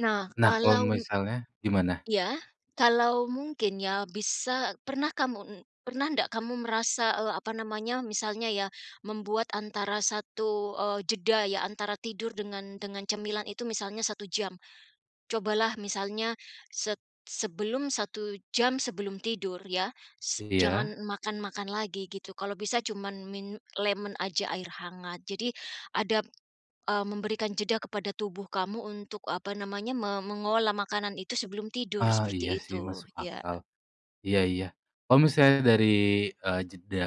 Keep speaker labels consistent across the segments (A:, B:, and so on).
A: Nah
B: Nah kalau
A: kalau m
B: misalnya gimana?
A: Iya, kalau mungkin, ya, bisa pernah kamu n pernah ndak kamu merasa, eee, apa namanya misalnya ya membuat antara 1, eee, jeda, ya, antara tidur dengan dengan cemilan itu misalnya 1 jam. Cobalah misalnya set sebelum 1 jam sebelum tidur, ya, se
B: Iya.
A: jangan makan-makan lagi gitu kalau bisa cuman min lemon aja air hangat jadi, adab eee, memberikan jeda kepada tubuh kamu untuk apa namanya me mengolah makanan itu sebelum tidur
B: Ah
A: seperti
B: iya, sih,
A: itu,
B: masuk
A: iya,
B: akal.
A: heeh.
B: Iya iya, kalau misalnya dari, eee, jeda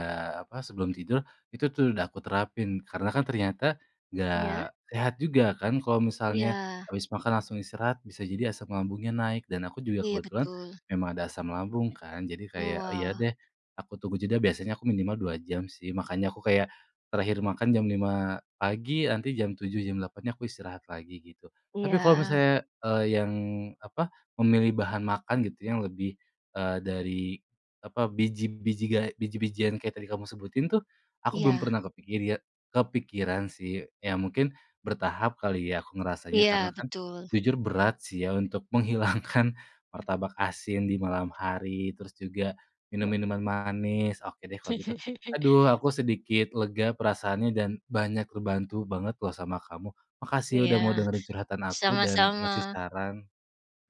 B: apa sebelum tidur itu, tuh, udah aku terapin. Karena, kan, ternyata nggak
A: Iya.
B: sehat juga, kan, kalau misalnya
A: Iya.
B: habis makan langsung istirahat bisa jadi asam lambungnya naik dan aku juga
A: Iya
B: kebetulan,
A: betul.
B: memang ada asam lambung, kan, jadi
A: Oh,
B: kayak iya
A: wah.
B: deh, aku tunggu jeda biasanya aku minimal 2 jam, sih, makanya aku kayak, terakhir makan jam 05:00 pagi, nanti jam 07:00, jam 08:00 aku istirahat lagi gitu. Tapi kalau
A: Iya.
B: misalnya, eee, yang apa memilih bahan makan gitu yang lebih, eee, dari apa biji biji gae biji-bijian kayak tadi kamu sebutin, tuh, aku belum
A: Iya.
B: pernah kepikir iye kepikiran, sih, ya, mungkin bertahap kali ya aku ngerasanya
A: Iya
B: karena kan,
A: betul.
B: jujur berat, sih, ya, untuk menghilangkan martabak asin di malam hari, terus juga minum minuman manis, oke deh kalo gitu. Aduh aku sedikit lega perasaannya dan banyak terbantu banget loh sama kamu. Makasih udah mau
A: Iya
B: dengerin curhatan aku dan ngasih
A: sama-sama.
B: saran.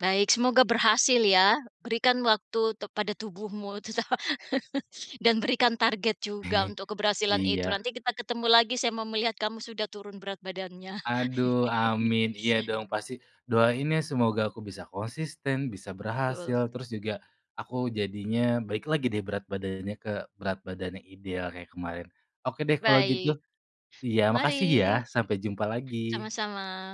A: Baik semoga berhasil, ya. Berikan waktu tuk pada tubuhmu cucoh dan berikan target juga untuk keberhasilan itu.
B: Iya.
A: Nanti kita ketemu lagi saya mau melihat kamu sudah turun berat badannya.
B: Aduh amin, iya dong pasti. Doain ya semoga aku bisa konsisten, bisa
A: Betul.
B: berhasil, terus juga aku jadinya balik lagi, deh, berat badannya ke berat badannya ideal kayak kemarin. Oke, deh, kalau gitu.
A: Baik.
B: Iya makasih ya
A: Mari.
B: sampai jumpa lagi.
A: Sama-sama.